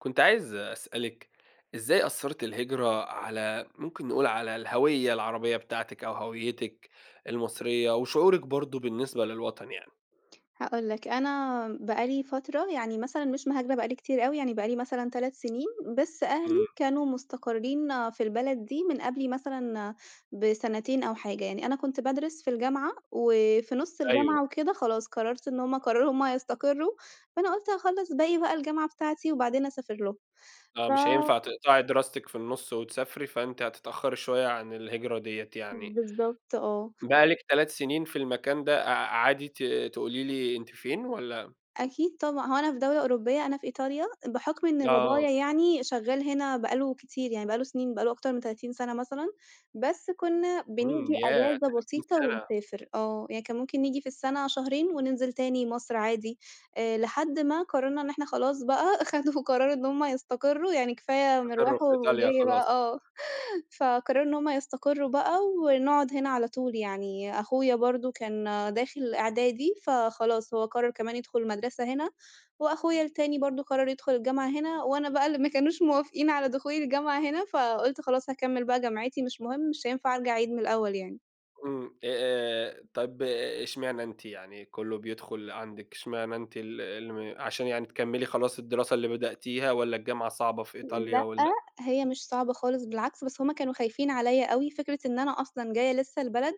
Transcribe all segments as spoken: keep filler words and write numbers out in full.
كنت عايز أسألِك إزاي أثّرِت الهجرة على ممكن نقول على الهويّة العربية بتاعتِك أو هويّتِك المصرية وشعورِك برضه بالنسبة للوطن يعني؟ هاقول لك، أنا بقى لي فترة يعني مثلًا مش مهاجرة بقى لي كتير أوي، يعني بقى لي مثلًا تلات سنين، بس أهلي إمم. كانوا مستقرّين في البلد دي من قبلي مثلًا بسنتين أو حاجة. يعني أنا كنت بادرس في الجامعة، وفي نُص أيوه. الجامعة وكده خلاص قرّرت إن هم قرّروا هم يستقرّوا، فأنا قُلت أخلّص باقي بقى الجامعة بتاعتي وبعدين أسافر لهم. آه. ف مش هينفع تقطعي دراستِك في النُص وتسافري فأنتِ هتتأخّري شوية عن الهجرة ديّة يعني. بالضبط آه. بقى لِك تلات سنين في المكان ده أع عادي ت تقولي لي أنتِ فين والّا؟ أكيد طبعًا. هو أنا في دولة أوروبية أنا في إيطاليا. بحُكم إن آه. بابايا يعني شغّال هنا بقى له كتير يعني، بقى له سنين بقى له أكتر من تلاتين سنة مثلًا. بس كُنّا إمم، بنيجي ياه! أجازة تلاتين بسيطة سنة! ونسافر. آه، يعني كان ممكن نيجي في السنة شهرين وننزل تاني مصر عادي. آآ لحد ما قرّرنا إن إحنا خلاص بقى خدوا قرار إن هم يستقرّوا، يعني كفاية يستقرّوا مِرواح في إيطاليا ومِجِي خلاص. بقى آه، فقرّروا إن هم يستقرّوا بقى ونقعد هنا على طول. يعني أخويا برضه كان داخل إعدادي، فخلاص هو قرّر كمان يدخُل مدرسة هنا، وأخويا التاني برضه قرّر يدخُل الجامعة هنا، وأنا بقى اللي ما كانوش موافقين على دخولي الجامعة هنا، فقُلت خلاص هاكمّل بقى جامعتي مش مهم، مش هينفع أرجع أعيد من الأول يعني. إمم، أ آآ، طَب، إشمعنى أنتِ يعني؟ كله بيدخل عندِك إشمعنى أنتِ ال الم عشان يعني تكملي خلاص الدراسة اللي بدأتيها والّا الجامعة صعبة في إيطاليا لأ، والّا هي مش صعبة خالص، بالعكس، بس هُم كانوا خايفين عليَّ أوي. فكرة إن أنا أصلًا جاية لسه البلد،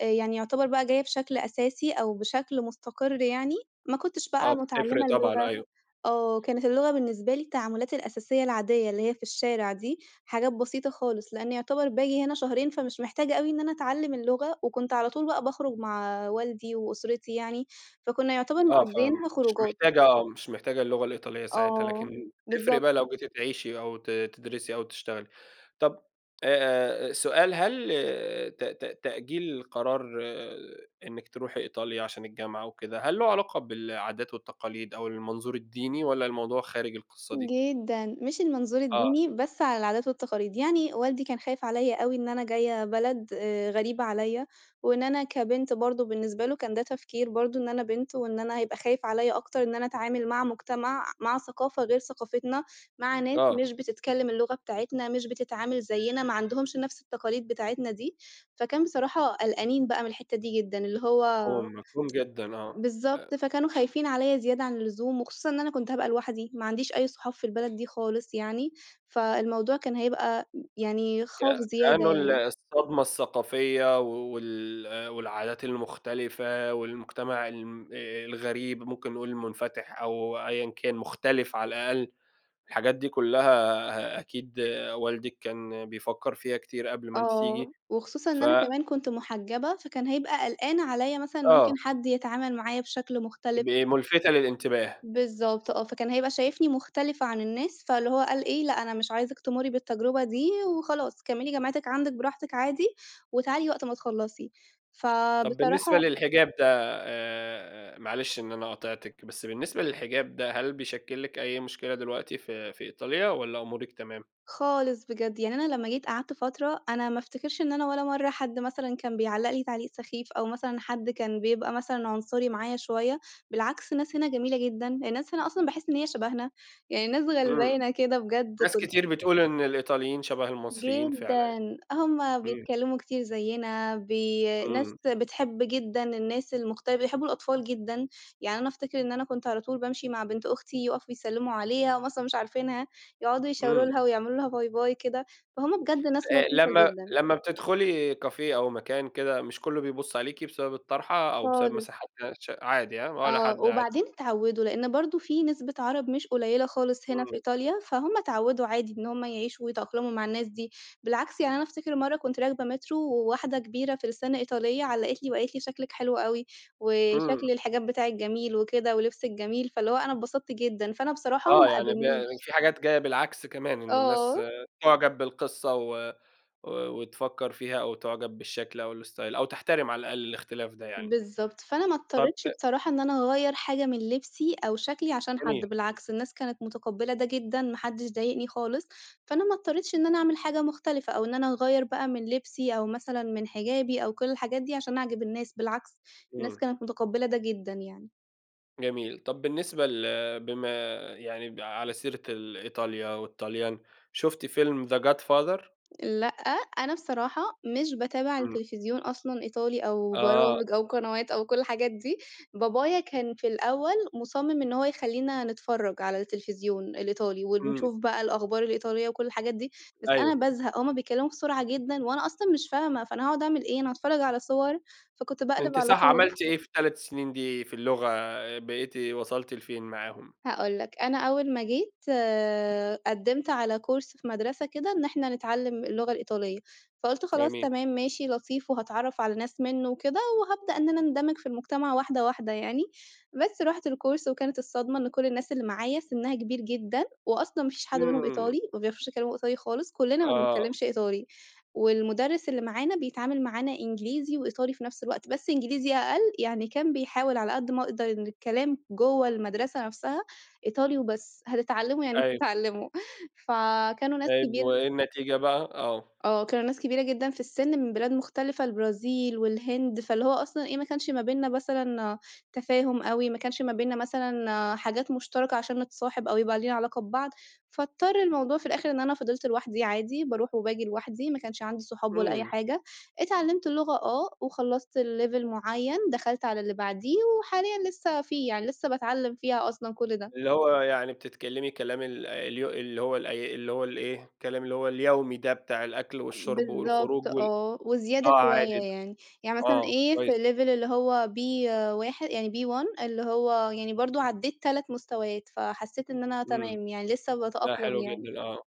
آآ، يعني يُعتبر بقى جاية بشكل أساسي أو بشكل مستقر يعني، ما كُنتش بقى آه، بتفرق متعلمة طبعًا، اللغة، أيوه. آه، كانت اللغة بالنسبة لي التعاملات الأساسية العادية، اللي هي في الشارع دي، حاجات بسيطة خالص، لإن يُعتبر باجي هنا شهرين فمش محتاجة أوي إن أنا أتعلم اللغة، وكنت على طول بقى باخرج مع والدي وأسرتي يعني، فكنا يُعتبر آه، فآمم، مقضّيينها مش خروجات. محتاجة آه، مش محتاجة اللغة الإيطالية ساعتها، آه، لكن تفرق بالضبط. بقى لو جيتِ تعيشي أو ت تدرسي أو تشتغلي. طَب، آآ، سؤال هل ت ت تأجيل القرار إنِّك تروحي إيطاليا عشان الجامعة وكده، هل له علاقة بالعادات والتقاليد أو المنظور الديني والّا الموضوع خارج القصة دي؟ جدًا، مش المنظور آه. الديني، بس على العادات والتقاليد. يعني والدي كان خايف عليَّ أوي إن أنا جاية بلد آآ، غريبة عليَّ، وإن أنا كبنت برضه، بالنسبة له كان ده تفكير برضه، إن أنا بنت وإن أنا هيبقى خايف عليَّ أكتر إن أنا أتعامل مع مجتمع، مع ثقافة غير ثقافتنا، مع ناس آه. مش بتتكلم اللغة بتاعتنا، مش بتتعامل زيّنا، ما عندهمش نفس التقاليد بتاعتنا دي. فكان بصراحة قلقانين بقى من الحتة دي جدًا، اللي هو مفهوم، مفهوم جدًا، آه، بالضبط، أ فكانوا خايفين عليَّ زيادة عن اللزوم، وخصوصًا إن أنا كنت هابقى لوحدي، ما عنديش أي صحاب في البلد دي خالص يعني، فالموضوع كان هيبقى يعني ك خوف زيادة كأنه ال يعني. الصدمة الثقافية و وال والعادات المختلفة والمجتمع الم آآ، الغريب، ممكن نقول المُنفتح أو أيًا كان، مختلف على الأقل، الحاجات دي كلها أكيد والدِك كان بيفكر فيها كتير قبل ما أنتِ تيجي، آه، وخصوصًا إن ف أنا كمان كنت محجبة، فكان هيبقى قلقان عليَّ مثلًا إن ممكن آه. حد يتعامل معايا بشكل مختلف. ب مُلفتة للإنتباه. بالضبط، آه، فكان هيبقى شايفني مختلفة عن الناس، فاللي هو قال إي: "لأ، أنا مش عايزِك تمرّي بالتجربة دي وخلاص، كملي جامعتِك عندِك براحتِك عادي وتعالي وقت ما تخلصي." طَب بالنسبة فبصراحة للحجاب ده، آآ معلش إن أنا قاطعتِك، بس بالنسبة للحجاب ده، هل بيشكل لِك أي مشكلة دلوقتي في في إيطاليا والّا أمورِك تمام؟ خالص بجد، يعني أنا لما جيت قعدت فترة، أنا ما افتكرش إن أنا ولا مرة حد مثلًا كان بيعلق لي تعليق سخيف أو مثلًا حد كان بيبقى مثلًا عُنصري معايا شوية، بالعكس، الناس هنا جميلة جدًا، الناس هنا أصلًا باحس إن هي شبهنا، يعني ناس إمم، غلبانة كده بجد ناس كن كتير بتقول إن الإيطاليين شبه المصريين فعلًا، جدًا، هُم إمم. بيتكلموا كتير زيّنا بي ناس إمم. بتحب جدًا الناس المختلفة، بيحبوا الأطفال جدًا، يعني أنا أفتكر إن أنا كنت على طول بامشي مع بنت أختي، يُقفوا يسلموا عليها، وهُم أصلًا مش عارفينها، يقعدوا يشاور إمم. لها ويعملوا لها باي باي، كده. فهُم بجد ناس آآ، لطيفة لمّا جدًا. لمّا بتدخلي café أو مكان كده، مش كله بيبُص عليكِ بسبب الطرحة أو بسبب خالص. مساحة ده ش عادي، هاه، ولا آه، حد، عادي. وبعدين اتعودوا، لإن برضه في نسبة عرب مش قليلة خالص هنا إمم. في إيطاليا، فهُم اتعودوا عادي إن هُم يعيشوا ويتأقلموا مع الناس دي. بالعكس، يعني أنا أفتكر مرة كنت راكبة métro وواحدة كبيرة في السن إيطالية، علّقت لي وقالت لي، شكلِك حلو أوي إمم. وشكل الحجاب بتاعِك جميل وكده ولبسِك جميل. فاللي هو أنا انبسطت جدًا، فأنا بصراحة آه، ما يعني ب قابلنيش. في حاجات جاية بالعكس كمان، إن آه. الناس تُعجَب بالقصة و و وتفكر فيها أو تُعجَب بالشكل أو الStyle أو تحترم على الأقل الاختلاف ده يعني. بالضبط، فأنا ما طَب اضطريتش أ بصراحة إن أنا أغيّر حاجة من لبسي أو شكلي عشان حد، جميل. بالعكس الناس كانت متقبلة ده جدًا، ما حدش ضايقني خالص، فأنا ما اضطريتش إن أنا أعمل حاجة مختلفة أو إن أنا أغيّر بقى من لبسي أو مثلًا من حجابي أو كل الحاجات دي عشان أعجب الناس، بالعكس، الناس إمم. كانت متقبلة ده جدًا يعني. جميل. طَب بالنسبة ل بما يعني ب على سيرة ال إيطاليا والطاليان، شُفتِ فيلم The God father؟ لأ، أنا بصراحة مش باتابع إمم. التلفزيون أصلًا، إيطالي أو آه. برامج أو قنوات أو كل الحاجات دي، بابايا كان في الأول مُصمِّم إن هو يخلّينا نتفرّج على التلفزيون الإيطالي إمم. ونشوف بقى الأخبار الإيطالية وكل الحاجات دي، بس أنا أيوه. بازهَق، هُم بيتكلّموا بسرعة جدًا وأنا أصلًا مش فاهمة، فأنا هأقعُد أعمل إيه، أنا هاتفرّج على صوَر فكنت باقلِب أنتِ على صح طول. عملتِ إيه في التلات سنين دي في اللغة، بقيتِ وصلتِ لفين معاهم؟ هاقول لك، أنا أول ما جيت آآ، قدِّمت على كورس في مدرسة كده إن إحنا نتعلّم اللغة الإيطالية، فقُلت خلاص، جميل. تمام، ماشي، لطيف وهاتعرّف على ناس مِنُّه وكده وهابدأ إن أنا أندمِج في المجتمع واحدة، واحدة يعني. بس رُحت الكورس وكانت الصدمة إن كُل الناس اللي معايا سِنّها كبير جدًا، وأصلًا ما فيش حد منهم إمم. إيطالي، ما بيعرفوش يتكلّموا إيطالي خالِص، كُلّنا ما آه. بنتكلّمش إيطالي، والمدرس اللي معانا بيتعامل معانا إنجليزي وإيطالي في نفْس الوقت، بس إنجليزي أقل يعني، كان بيحاول على قد ما يقدَر إن الكلام جُوّه المَدرسة نفْسها إيطالي وبس، هتتعلّموا يعني أيوه. هتتعلّموا، فكانوا ناس طيب كبير وإيه النتيجة بقى؟ آه. آه كانوا ناس كبيرة جدًا في السِّن من بلاد مختلِفة، البرازيل والهند، فاللي هو أصلًا إيه، ما كانش ما بيننا مثلًا تفاهُم أوي، ما كانش ما بيننا مثلًا حاجات مشترَكة عشان نتصاحب أو يبقى لينا علاقة ببعض، فاضطر الموضوع في الآخِر إن أنا فضِلت لوحدي عادي، باروح وباجي لوحدي، ما كانش عندي صحاب ولا أي إمم. حاجة، اتعلّمت اللغة آه وخلّصت لlevel معين دخَلت على اللي بعديه وحاليًا لسه فيه، يعني لسه باتعلّم فيها أصلًا كُل ده. اللي هو يعني بتتكلمي كلام ال اليو اللي هو ال اللي هو ال إيه، الكلام اللي هو اليومي ده بتاع الأكْل والشُّرب بالضبط والخروج وال آه، وزيادة آه شوية عادي، يعني، يعني مثلًا آه إيه، في كويس. الlevel اللي هو B واح يعني B1 اللي هو يعني برضه عدّيت تلات مستويات، فحسّيت إن أنا إمم. تمام يعني لسه لا باتأقلم حلو يعني. جدًا، آه.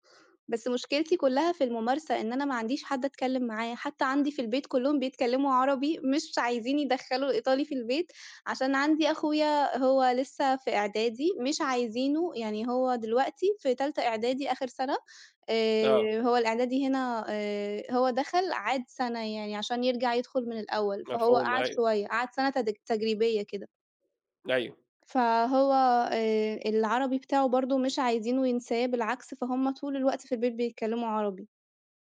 بس مشكلتي كُلّها في المُمارسة، إن أنا ما عنديش حد أتكلّم معاه، حتى عندي في البيت كُلّهم بيتكلّموا عربي مش عايزين يدخّلوا الإيطالي في البيت، عشان عندي أخويا هو لسه في إعدادي مش عايزينه، يعني هو دلوقتي في تالتة إعدادي آخر سَنة آآ، آه. هو الإعدادي هنا آآ، هو دخَل عاد سَنة يعني عشان يرجَع يدخُل من الأول فهو مفهوم قعَد أيوه. شوية، قعَد سَنة تد تجريبيّة كده. أيوه. فهو آآ، العربي بتاعه برضه مش عايزينه ينساه، بالعكس فهُم طُول الوقت في البيت بيتكلّموا عربي.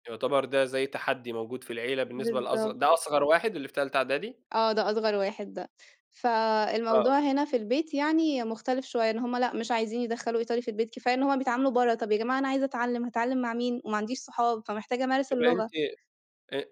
يُعتبر ده زي تحدّي موجود في العيلة بالنسبة لأصغر بالضبط. ده أصغر واحد اللي في تالتة إعدادي؟ آه، ده أصغر واحد ده. آه. فالموضوع هنا في البيت يعني مختلف شويّة، إن هم لأ مش عايزين يدّخلوا إيطالي في البيت، كفاية إن هم بيتعاملوا برّه. طَب يا جماعة أنا عايزة أتعلم، هاتعلم مع مين وما عنديش صحاب فمحتاجة أمارس طيب أنتِ اللغة؟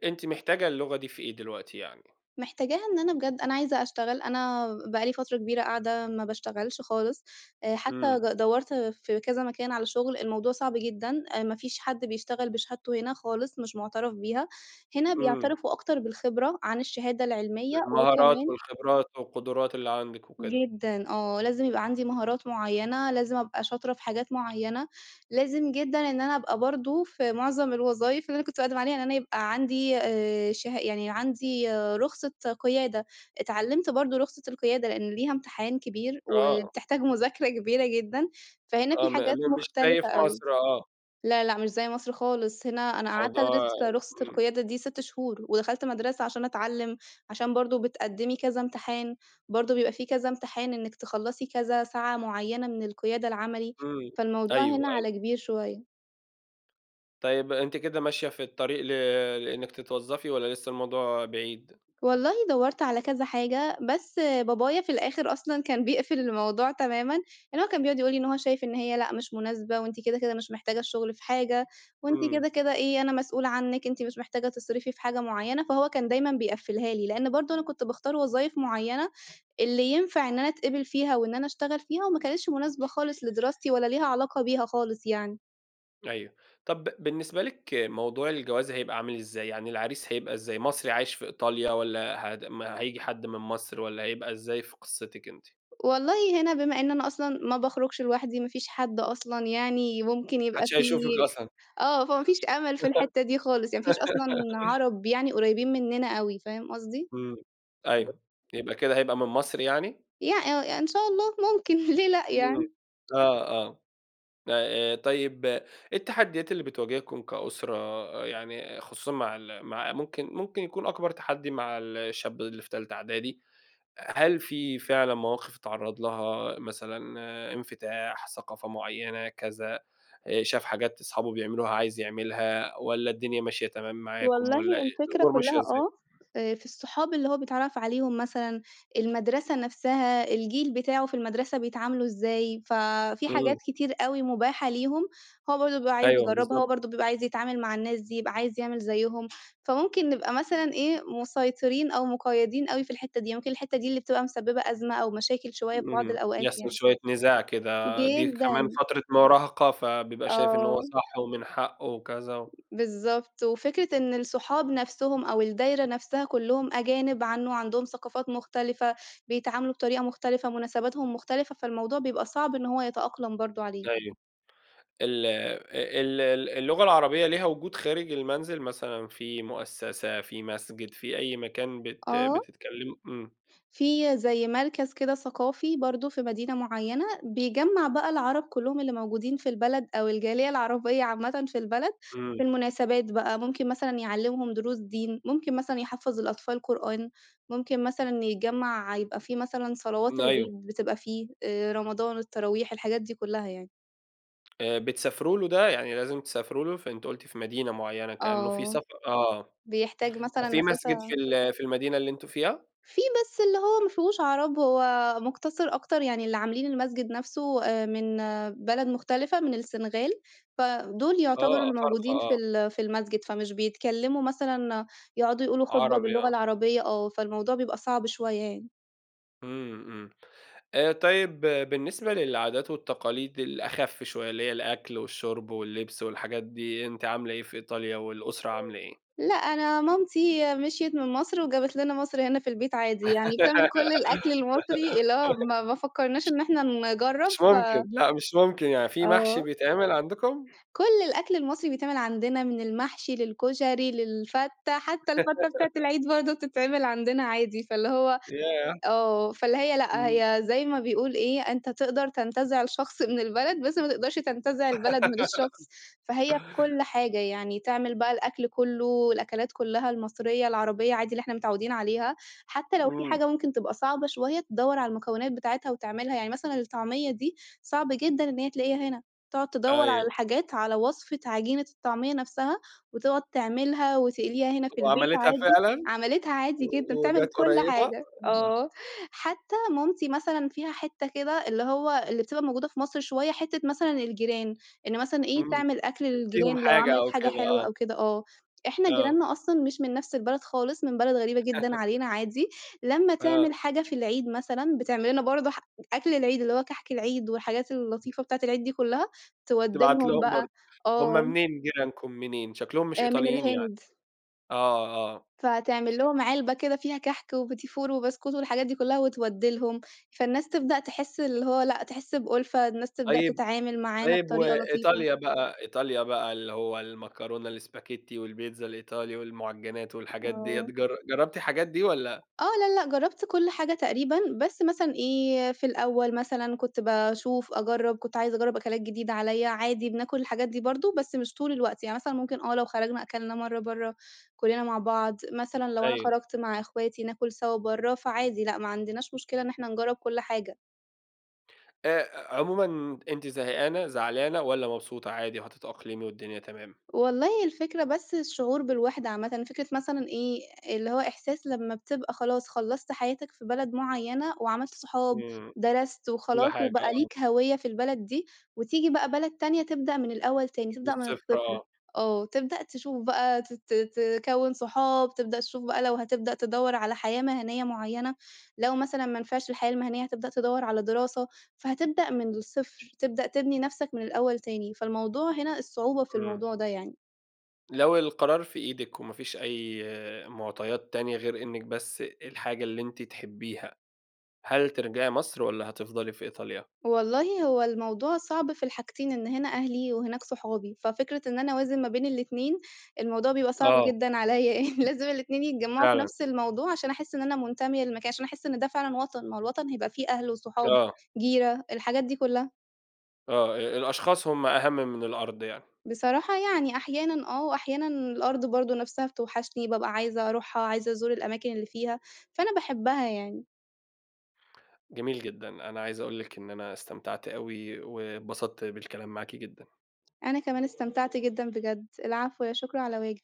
أنتِ محتاجة اللغة دي في إيه دلوقتي يعني؟ محتاجاها إن أنا بجد، أنا عايزة أشتغل، أنا بقى لي فترة كبيرة قاعدة ما باشتغلش خالص، حتّى إمم. ج دورت في كذا مكان على شغل، الموضوع صعب جدًا، ما فيش حد بيشتغل بشهادته هنا خالص، مش مُعتَرف بيها، هنا إمم. بيعترفوا أكتر بالخبرة عن الشهادة العلمية المهارات وكمان والخبرات والقدرات اللي عندك وكده. جدًا آه، لازم يبقى عندي مهارات معيّنة، لازم أبقى شاطرة في حاجات معيّنة، لازم جدًا إن أنا أبقى برضو في معظم الوظايف اللي أنا كنت بأقدم عليها، إن أنا يبقى عندي آآ شه يعني عندي رخصة قيادة. اتعلمت برضو رخصة القيادة، لأن ليها امتحان كبير آه. وبتحتاج مذاكرة كبيرة جدًا، فهنا آه في م حاجات مش زي في مختلفة أوي. مصر، آه. لا لأ مش زي مصر خالص، هنا أنا قعدت الموضوع أدرس رخصة امم. القيادة دي ست شهور ودخلت مدرسة عشان أتعلم، عشان برضو بتقدمي كذا امتحان، برضو بيبقى في كذا امتحان إنّك تخلصي كذا ساعة معيّنة من القيادة العملي، امم، فالموضوع أيوه، هنا أيوه. على كبير شويّة. طيب أنتِ كده ماشية في الطَّريق ل لإنِّك تتوظّفي، والّا لِسَّه الموضوع بعيد؟ والله دورت على كذا حاجة، بس بابايا في الآخر أصلًا كان بيقفل الموضوع تمامًا، لإن هو كان بيقعد يقولي إن هو شايف إن هي لأ، مش مُناسبة، وأنتِ كده، كده مش محتاجة الشُغل في حاجة، وأنتِ إمم. كده، كده إيه أنا مسؤول عنِك، أنتِ مش محتاجة تصرفي في حاجة مُعينة، فهو كان دايمًا بيقفلها لي، لإن برضه أنا كنت باختار وظايف مُعينة، اللي ينفع إن أنا أتقبل فيها وإن أنا أشتغل فيها، وما كانتش مُناسبة خالص لدراستي، ولا ليها علاقة بيها خالص يعني. أيوه، طب بالنسبة لِك موضوع الجواز هيبقى عامل إزَّاي؟ يعني العريس هيبقى إزَّاي؟ مصري عايش في إيطاليا، والّا هد ما هييجي حد من مصر والّا هيبقى إزَّاي في قصِّتِك أنتِ؟ والله هنا بما إن أنا أصلًا ما باخرجش لوحدي، ما فيش حد أصلًا يعني ممكن يبقى محدِّش في هيشُوفِك أصلًا. آه، فما فيش أمل في الحتة دي خالص، يعني ما فيش أصلًا عرب يعني قريبين مننا أوي فاهم قصدي؟ امم، أيوه، يبقى ب كده هيبقى من مصر يعني؟ يع آه، إن شاء الله مُمكن ليه لأ، امم، يعني. آه، آه. آآ، آآ طيِّب إيه التَّحدِّيات اللي بتواجهكم كأسرة، يعني خصوصًا مع ال مع ممكن ممكن يكون أكبر تَحدِّي مع الشاب اللي في تالتة أعدادي، هل في فعلًا مواقف اتعرّض لها، مثلًا انفتاح، ثقافة مُعيَّنة كذا، آآ شاف حاجات أصحابُه بيعملوها عايز يعملها، والّا الدنيا ماشية تمام معاكُم والله والّا الفكرة الأمور ماشية كُلَّها إزَّاي؟ آه، آآ في الصّحاب اللي هو بيتعرَّف عليهم مثلًا، المدرسة نفسها، الجيل بتاعُه في المدرسة بيتعاملوا إزاي، ف في حاجات إمم. كتير أوي مُباحة ليهم، هو برضو بيبقى عايز أيوه، يجرَّبها، بالضبط. وبرضو بيبقى عايز يتعامل مع الناس دي، يبقى عايز يعمل زيهم، فممكن نبقى مثلًا إيه مُسيطرين أو مُقَّيَّدين أوي في الحِتَّة دي، ممكن الحِتَّة دي اللي بتبقى مسبِّبة أزمة أو مشاكل شويَّة في بعض امم، الأوقات يحصل يعني. شوية نزاع كده، دي كمان جدًا. فترة مراهقة فبيبقى شايف إن هو آه. صح ومن حقُه وكذا بالضبط، وفكرة إن الصُحاب نفسهم، أو الدَّايرة نفسها كُلُّهم أجانب عنه عندهم ثقافات مختلفة، بيتعاملوا بطريقة مختلفة مُناسباتهُم مختلفة، فالموضوع بيبقى صعب إن هو يتأقلم برضو عليه. أيوه، ال ال ال اللغة العربية ليها وجود خارج المنزل، مثلًا في مؤسسة، في مسجد في أي مكان بت آه. بتتكلم امم. في زي مركز كده ثقافي برضو في مدينة مُعيَّنة، بيجمّع بقى العرب كُلُّهم اللي موجودين في البلد، أو الجالية العربية عامَّةً في البلد إمم. في المناسبات بقى، ممكن مثلًا يعلِّمهم دروس دين، ممكن مثلًا يحفّظ الأطفال قرآن، ممكن مثلًا يجمّع يبقى في مثلًا صلوات أيوه. العيد بتبقى فيه، آآ رمضان والتَّراويح الحاجات دي كُلَّها يعني. آآ بتسافروا له ده، يعني لازم تسافروا له؟ ف أنتِ قُلتِ في مدينة معيّنة كأنّه في آه. سف آه، بيحتاج طب مثلًا في مسجد في مسافة ال في المدينة اللي أنتم فيها؟ في بس اللي هو ما فيهوش عرب، هو مقتصر أكتر يعني اللي عاملين المسجد نفْسه من بلد مختلفة، من السنغال فدُول آه، يعتبروا افارقة الموجودين في آه. ال في المسجد، فمش بيتكلّموا مثلًا يقعدوا يقولوا خطبة عربي باللغة آه. العربيّة آه، فالموضوع بيبقى صعب شويّة يعني. إمم. إمم. طيّب بالنسبة للعادات والتقاليد الأخف شويّة، اللي هي الأكل والشرب واللبس والحاجات دي، أنتِ عاملة إيه في إيطاليا والأسرة عاملة إيه؟ [unintelligible] لأ أنا مامتي مشْيِت من مصر وجابت لنا مصر هنا في البيت عادي. يعني بتعمل كل الأكل المصري، اللي هو ما ما فكّرناش إن إحنا ش نجرّب مش ف ممكن، لأ مش ممكن يعني في محشي آه. بيتعمل عندكم؟ كُل الأكل المصري بيتعمل عندنا، من المحشي للكشري للفتة حتّى الفتة بتاعة العيد برضو بتتعمل عندنا عادي، فاللي هو ياه! آه، فاللي هي لأ إمم. هي زي ما بيقول إيه، أنت تقدر تنتزع شخص من البلد بس ما تقدرش تنتزع البلد من الشخص، فهي في كل حاجة، يعني تعمل بقى الأكل كُلّه والأكلات كُلّها المصريّة العربيّة عادي اللي إحنا متعودين عليها، حتّى لو في إمم. حاجة ممكن تبقى صعبة شويّة تدوّر على المكونات بتاعتها وتعملها، يعني مثلًا الطعمية دي صعب جدًا إن هي تلاقيها هنا، تقعد تدوّر على أيوه. الحاجات على وصفة عجينة الطعمية نفْسها، وتقعد تعملها وتقليها هنا في البيت وعملتها عادي. فعلًا؟ عملتها عادي جدًا و بتعمل وجات كُل قريبة؟ حاجة. [unintelligible] آه، حتّى مامتي مثلًا فيها حتّة كده اللي هو اللي بتبقى موجودة في مصر شويّة حتّة مثلًا الجيران، إن مثلًا إيه إمم، تعمل أكل تديّهم للجيران لو حاجة عملت أو حاجة كده حلوة آه. أو كده آه، إحنا آه. جيرانّا أصلًا مش من نفْس البلد خالص من بلد غريبة جدًا علينا عادي، لمّا آه. تعمل حاجة في العيد مثلًا بتعملنا برضو ح أكل العيد اللي هو كحك العيد والحاجات [unintelligible] اللطيفة بتاعة العيد دي كُلّها، تودّي تبعت لهم لهم برضو، بقى، هُم آه. منين جيرانكم منين؟ شكلهم مش من إيطاليين يعني، الهند. آه، آه. فتعمل لهم علبة كده فيها كحك وبتيفور وبسكوت والحاجات دي كلّها وتودّي لهم، فالناس [unintelligible] تبدأ تحس اللي هو لأ تحس بألفة، الناس تبدأ طيّب تتعامل معانا طيّب بطريقة لطيفة. وإيطاليا بقى إيطاليا بقى اللي هو المكرونة الإسباجيتي والبيتزا الإيطالي والمعجّنات والحاجات ديّة آه. جر جرّبتِ الحاجات دي والّا؟ آه لأ، لأ، جرّبت كل حاجة تقريبًا، بس مثلًا إيه في الأوّل مثلًا كنت باشوف أجرّب كنت عايزة أجرّب أكلات جديدة عليَّ، عادي بناكل الحاجات دي برضو بس مش طول الوقت، يعني مثلًا ممكن آه لو خرجنا أكلنا مَرّة برّه كُلّنا مع بعض، مثلًا لو أنا أيوه. خرجت مع إخواتي ناكل سوا برّه، فعادي لأ ما عندناش مشكلة إن إحنا نجرّب كُل حاجة. آآ، عمومًا أنتِ زهقانة زعلانة، والّا مبسوطة عادي وهتتأقلمي والدنيا تمام؟ والله الفكرة بس الشُّعور بالوحدة عامَّةً، فكرة مثلًا إيه، اللي هو إحساس لمّا بتبقى خلاص خلَّصت حياتك في بلد مُعيَّنة، وعملت صحاب، إمم، درست كُلّ وخلاص حاجة وبقى آه. ليك هويَّة في البلد دي، وتيجي بقى بلد تانية تبدأ من الأول تاني، من تبدأ من الصفر، الصِّفر، آه. آه، تبدأ تشوف بقى ت ت ت تكوّن صحاب، تبدأ تشوف بقى لو هتبدأ تدوَّر على حياة مهنيَّة مُعيَّنة، لو مثلًا ما نفعش الحياة المهنيَّة هتبدأ تدوَّر على دراسة، فهتبدأ من الصفر، تبدأ تبني نفسك من الأول تاني. فالموضوع هنا الصُّعُوبة في إمم. الموضوع ده يعني. لو القرار في إيدِك، وما فيش أي مُعطيات تانية غير إنِّك بس الحاجة اللي أنتِ تحبيها، هل ترجعي مصر والّا هتفضلي في إيطاليا؟ والله هو الموضوع صعب في الحاجتين؛ إن هنا أهلي وهناك صحابي، ففكرة إن أنا أوازن ما بين الإتنين، الموضوع بيبقى صعب آه. جدًا عليّا يعني، لازم الإتنين يتجمَّعوا في فعلًا. نفس الموضوع، عشان أحِسّ إن أنا مُنتمية للمكان عشان أحِسّ إن ده فعلًا وطن، ما هو الوطن هيبقى فيه أهل وصحاب، آه. جيرة الحاجات دي كُلَّها. آه، أ الأشخاص هُم أهم من الأرض يعني. بصراحة يعني أحيانًا آه، وأحيانًا الأرض برضه نفسها بتوحشني، بابقى عايزة أرُوحها، عايزة أزُور الأماكن اللي فيها، فأنا باحبها يعني. جميل جدًا. أنا عايز أقول لِك إن أنا استمتعت أوي، واتبسطت بالكلام معاكِ جدًا. أنا كمان استمتعت جدًا بجدّ. العفو، لا شكر على واجب.